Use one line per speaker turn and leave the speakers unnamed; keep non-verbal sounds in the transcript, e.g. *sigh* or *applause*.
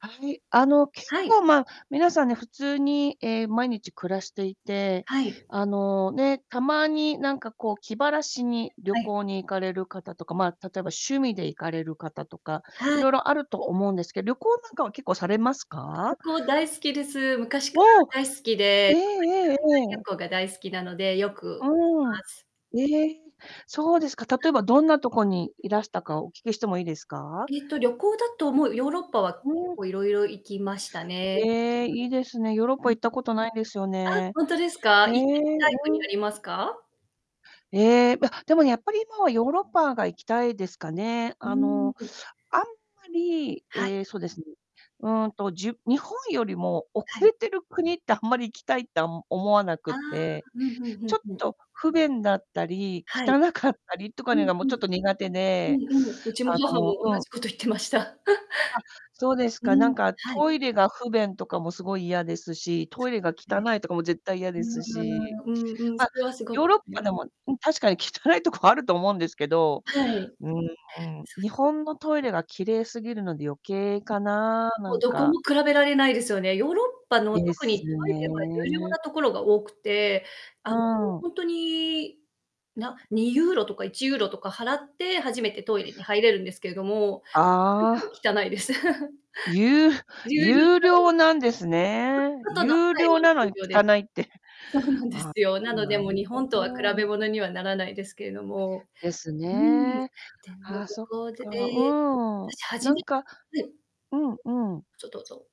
はい。あの、結
はい。
構、ま、皆さんね、普通に、ええ、毎日暮らしていて、
はい。
あの、ね、たまになんか、こう、気晴らしに旅
はい。
行に行かれる方とか、まあ、例えば趣味で行かれる方とか、い
はい。
ろいろあると思うんですけど、旅行なんかは結構されます
旅
か？
行大好きです。昔か
おお！
ら大好き
え
で、
え
特に
ええ
海
え
外旅
え。
行が大好きなので、よく
うーん。
ます。
ええ、そうですか。例
*unintelligible*
えばどんなとこにいらしたか、お聞きしてもいいですか？
えっと、旅行だと、もう、ヨーロッパは
う
結
ん。
構いろいろ行きましたね。
ええ。いいですね。ヨーロッ
う
パ
ん、
行ったことないんですよ
あ、
ね。
ほんとですか？行っ
ええ、
てみたい国
う
あ
ん。
りますか？
ええ、わでも、やっぱり今は、ヨーロッパが行きたいですかね。
うー
あ
ん、
の、
ふん。
あんまり
はい。
ええ、そですね、うんと、じゅ日本よりも
は
遅
い。
れてる国ってあんまり行きたいって、あん思わな
あ
く
あ、
て、
ふんふんふ
ちょ
ん
っ
ふん。
と不便だったり、
はい。
汚かったりとか
う
ね
ん
が、も
う
う、ちょっ
ん。
と苦手
うん、
で
うむ。うちも
あ
母も、同
の、うん。
じこと言ってました。
あ、そう
*chuckles*
です
う
か。な
ん、
んか、
はい。
トイレが不便とかもすごい嫌ですし、トイレが
は
汚
い。
いとかも絶対嫌
う
で
ん、う
すし、
ーん、うんうん、そ
ま、
れはすごく
ヨーロッパでもうん、確かに汚いとこあると思うんですけど、
はい。
うん、うん。日
そうです。
本のトイレが綺麗すぎるので余計
ん。
かな、な
もう、
ん
どこ
か。
も比べられないですよね。ヨーロッパの、
で
特に、
す
トイレは有料な
ね。
ところが多くて、あ
う
の、
ん。
ほんとに、な2ユーロとか1ユーロとか払って、初めてトイレに入れるんですけども、それ
あ
で
あ。
も汚いです。*chuckles*
ゆう
有料
有
なのに。
料なんですね。
あ、あと
有料なの
*unintelligible* 有
に
料で
汚いって。
す。そうなんで
あ、
すよ。
そ、
なので、
な
もう、
る
日
ほ
本とは比べ
ど。
ものにはならないですけれども、
です
うーん、
ね、
でも
はあ、
旅
そっ
行で
か、
で、
うーん、
わたし、初
な
め
ん
て
か
はい。
うんうん。
ぞ、どうぞ。